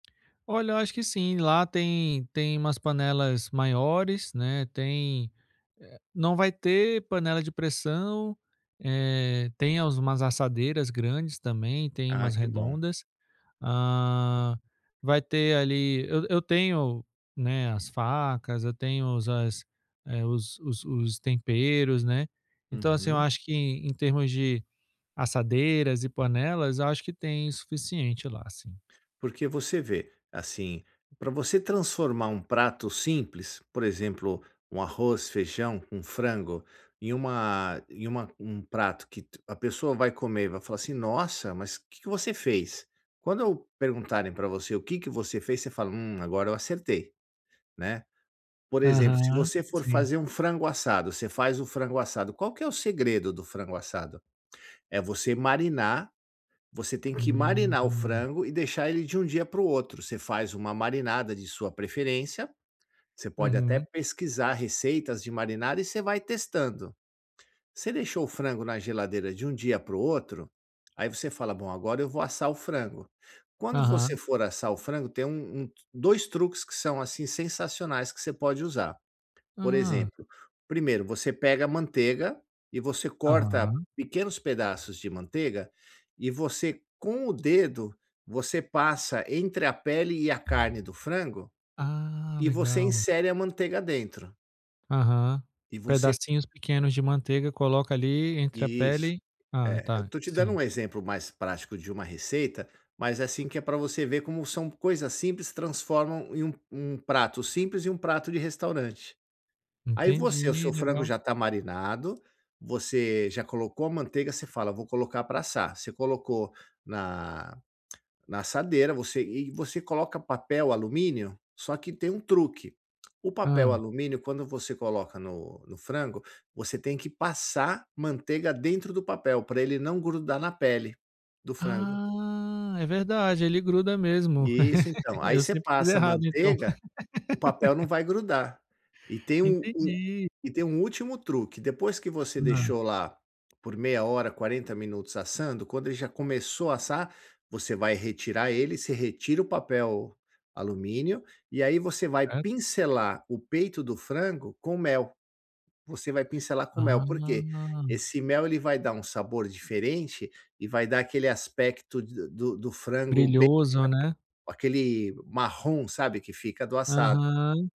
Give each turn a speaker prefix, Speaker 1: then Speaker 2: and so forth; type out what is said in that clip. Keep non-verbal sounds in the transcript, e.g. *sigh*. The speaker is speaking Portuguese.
Speaker 1: Olha, acho que sim, lá tem tem umas panelas maiores, né. Tem, eh, não vai ter panela de pressão, eh, tem é umas assadeiras grandes também, tem
Speaker 2: Ah,
Speaker 1: umas
Speaker 2: que bom.
Speaker 1: redondas, ah, vai ter ali, eu eu tenho, né, as facas, eu tenho as os os os temperos, né. Então, assim, eu
Speaker 2: Uhum.
Speaker 1: acho que em termos de assadeiras e panelas, eu acho que tem o suficiente lá sim.
Speaker 2: Porque você vê, assim, pra você transformar um prato simples, por exemplo um arroz, feijão, com frango, em uma em uma um prato que a pessoa vai comer e vai falar assim: "Nossa mas que que você fez?" Quando perguntarem pra você o que que você fez, você fala: "hum, agora eu acertei", né. Por exemplo se
Speaker 1: Aham,
Speaker 2: você for
Speaker 1: sim.
Speaker 2: fazer um frango assado, você faz o frango assado, qual que é o segredo do frango assado? É você marinar, você tem que marinar o
Speaker 1: Uhum.
Speaker 2: frango e deixar ele de um dia para o outro. Você faz uma marinada de sua preferência, você pode até
Speaker 1: Uhum.
Speaker 2: pesquisar receitas de marinar e você vai testando. Você deixou o frango na geladeira de um dia para o outro, ai você fala: "Bom, agora eu vou assar o frango". Quando você
Speaker 1: Aham.
Speaker 2: for assar o frango, tem um um 2 truques que são, assim, sensacionais que você pode usar. Por
Speaker 1: Hã.
Speaker 2: exemplo, primeiro, você pega manteiga e você corta
Speaker 1: Aham.
Speaker 2: pequenos pedaços de manteiga e você, com o dedo, você passa entre a pele e a carne do frango
Speaker 1: Ah,
Speaker 2: e você
Speaker 1: legal.
Speaker 2: insere a manteiga dentro.
Speaker 1: Aham,
Speaker 2: E você
Speaker 1: pedacinhos pequenos de manteiga coloca ali entre a
Speaker 2: Isso.
Speaker 1: pele. Ah
Speaker 2: É, eu
Speaker 1: tá,
Speaker 2: estou te dando
Speaker 1: sim.
Speaker 2: um exemplo mais prático de uma receita, mas é assim, que é pra você ver como são coisas simples, transformam em um um prato simples em um prato de restaurante. Aí você, o
Speaker 1: Entendi,
Speaker 2: seu frango
Speaker 1: legal.
Speaker 2: já está marinado, você já colocou a manteiga, você fala: "Vou colocar pra assar". Você colocou na na assadeira, você e você coloca papel alumínio, só que tem um truque. O papel
Speaker 1: Hã.
Speaker 2: alumínio, quando você coloca no no frango, você tem que passar manteiga dentro do papel pra ele não grudar na pele do frango.
Speaker 1: Ah, é verdade, ele gruda mesmo.
Speaker 2: Isso
Speaker 1: *laughs*
Speaker 2: então, aí
Speaker 1: Eu
Speaker 2: você
Speaker 1: sempre fiz
Speaker 2: passa
Speaker 1: errado então.
Speaker 2: manteiga, o papel não
Speaker 1: *laughs*
Speaker 2: vai grudar. E tem um um
Speaker 1: Entendi.
Speaker 2: ,e tem um último truque, depois que você
Speaker 1: Nã.
Speaker 2: deixou lá por meia hora, 40 minutos assando, quando ele já começou a assar, você vai retirar ele, você retira o papel alumínio, e aí você vai
Speaker 1: Hã.
Speaker 2: pincelar o peito do frango com mel. Você vai pincelar com mel,
Speaker 1: Ah,
Speaker 2: por
Speaker 1: na
Speaker 2: quê?
Speaker 1: não.
Speaker 2: Esse mel vai dar um sabor diferente e vai dar aquele aspecto de do do frango bem
Speaker 1: Brilhoso, né.
Speaker 2: sa aquele marrom, sabe, que fica do assado.
Speaker 1: Aham.